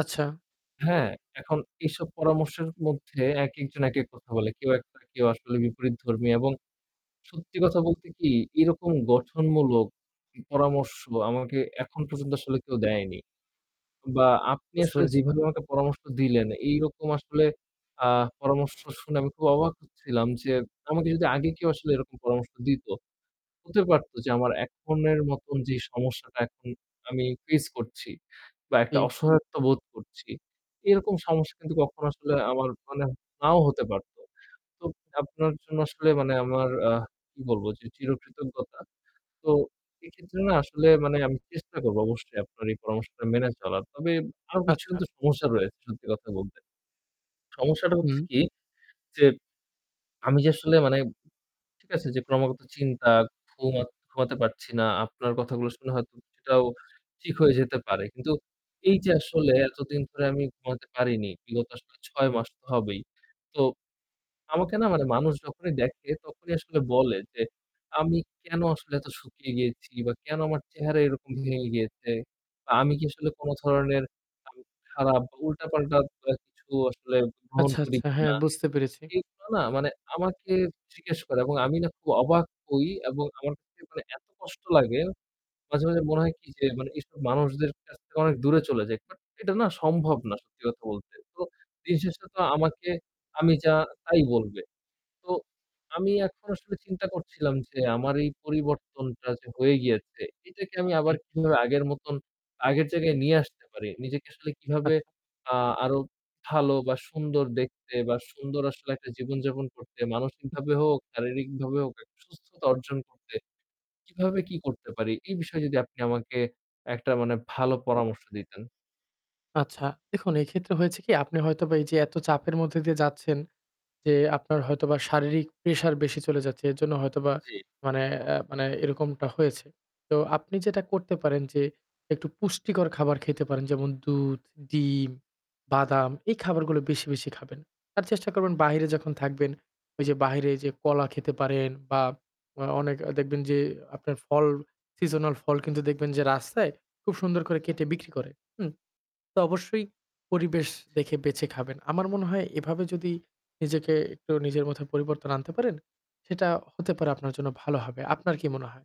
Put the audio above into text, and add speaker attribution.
Speaker 1: আচ্ছা।
Speaker 2: হ্যাঁ, এখন এইসব পরামর্শের মধ্যে একেকজন একেক কথা বলে। কেউ [unintelligible] কেউ আসলে বিপরীতধর্মী এবং সত্যি কথা বলতে কি, এরকম গঠনমূলক পরামর্শ আমাকে এখন পর্যন্ত আসলে কেউ দেয়নি। বা আপনি
Speaker 1: বুঝতে
Speaker 2: আসলে
Speaker 1: পেরেছি।
Speaker 2: যেভাবে আমাকে পরামর্শটা দিলেন, এই রকম আসলে আ পরামর্শ শুনে আমি খুব অবাক হচ্ছিলাম যে, আমাকে যদি আগে কেউ আসলে এরকম পরামর্শ দিত, হতে
Speaker 1: উম।
Speaker 2: পারত যে আমার এখন এর মতন যে সমস্যাটা এখন আমি face করছি বা একটা
Speaker 1: জি।
Speaker 2: অসহায়ত্ব বোধ করছি, এরকম সমস্যা কিন্তু কখনো আসলে আমার মানে নাও হতে পারত। তো, আপনার জন্য আসলে মানে আমার আ কী বলব যে চিরকৃতজ্ঞতা। তো এক্ষেত্রে না আসলে মানে আমি চেষ্টা করব অবশ্যই আপনার এই পরামর্শটা মেনে চলার। তবে আরও কিছু
Speaker 1: আচ্ছা।
Speaker 2: কিন্তু সমস্যা রয়েছে সত্যি কথা বলতে। সমস্যাটা হচ্ছে
Speaker 1: হুম।
Speaker 2: কি যে, আমি যে আসলে মানে ঠিক আছে, যে ক্রমাগত চিন্তা, ঘুমত ঘুমাতে পারছি না। আপনার কথাগুলো শুনে হয়তো সেটাও ঠিক হয়ে যেতে পারে। কিন্তু এই যে আসলে এতদিন ধরে আমি ঘুমাতে পারিনি, বিগত আসলে ৬ মাস তো হবেই। তো, আমাকে না মানে মানুষ যখনই দেখে তখনই আসলে বলে যে আমি কেনো আসলে এত শুকিয়ে গিয়েছি বা কেনো আমার চেহারা এরকম ভেঙে গিয়েছে? বা আমি কি আসলে কোনো ধরনের [unintelligible] খারাপ বা উল্টাপাল্টা বা কিছু আসলে গ্রহণ
Speaker 1: আচ্ছা।
Speaker 2: করি
Speaker 1: আচ্ছা। হ্যাঁ,
Speaker 2: কিনা?
Speaker 1: বুঝতে পেরেছি।
Speaker 2: এইগুলা না মানে আমাকে জিজ্ঞেস করে এবং আমি না খুব অবাক হই এবং আমার কাছে মানে এত কষ্ট লাগে। মাঝে, মাঝে মনে হয় কি যে মানে এইসব মানুষদের কাছ থেকে অনেক দূরে চলে যাই কারণ এটা না সম্ভব না সত্যি কথা বলতে। তো, দিনশেষে তো আমাকে আমি যা তাই বলবে। তো, আমি এখন আসলে চিন্তা করছিলাম যে আমার এই পরিবর্তনটা যে হয়ে গিয়েছে এটাকে আমি আবার
Speaker 1: জি।
Speaker 2: কীভাবে আগের মতন আগের জায়গায় নিয়ে আসতে পারি? নিজেকে আসলে
Speaker 1: আ
Speaker 2: কীভাবে আ আরও ভালো বা সুন্দর দেখতে বা সুন্দর আসলে একটা জীবনযাপন করতে,
Speaker 1: উম
Speaker 2: মানসিকভাবে হোক, শারীরিকভাবে হোক একটা সুস্থতা অর্জন করতে, কীভাবে কি করতে পারি? এই বিষয়ে যদি আপনি আমাকে একটা মানে ভালো পরামর্শ দিতেন।
Speaker 1: আচ্ছা দেখুন, এই ক্ষেত্রে হয়েছে কি? আপনি হয়তোবা এই যে এত চাপের মধ্যে দিয়ে যাচ্ছেন যে আপনার হয়তোবা শারীরিক pressure বেশি চলে যাচ্ছে। এর জন্য হয়তোবা
Speaker 2: জি।
Speaker 1: মানে অ্যা মানে এরকমটা হয়েছে। তো আপনি যেটা করতে পারেন যে একটু পুষ্টিকর খাবার খেতে পারেন। যেমন দুধ, ডিম, বাদাম এই খাবারগুলো বেশি, বেশি খাবেন। আর চেষ্টা করবেন বাইরে যখন থাকবেন, ঐ যে বাইরে যে কলা খেতে পারেন বা আ অনেক দেখবেন যে আপনার ফল seasonal ফল কিন্তু দেখবেন যে রাস্তায় খুব সুন্দর করে কেটে বিক্রি করে। হুম? তো অবশ্যই পরিবেশ দেখে বেছে খাবেন। আমার মনে হয় এভাবে যদি নিজেকে একটু নিজের মধ্যে পরিবর্তন আনতে পারেন সেটা হতে পারে আপনার জন্য ভালো হবে। আপনার কি মনে হয়?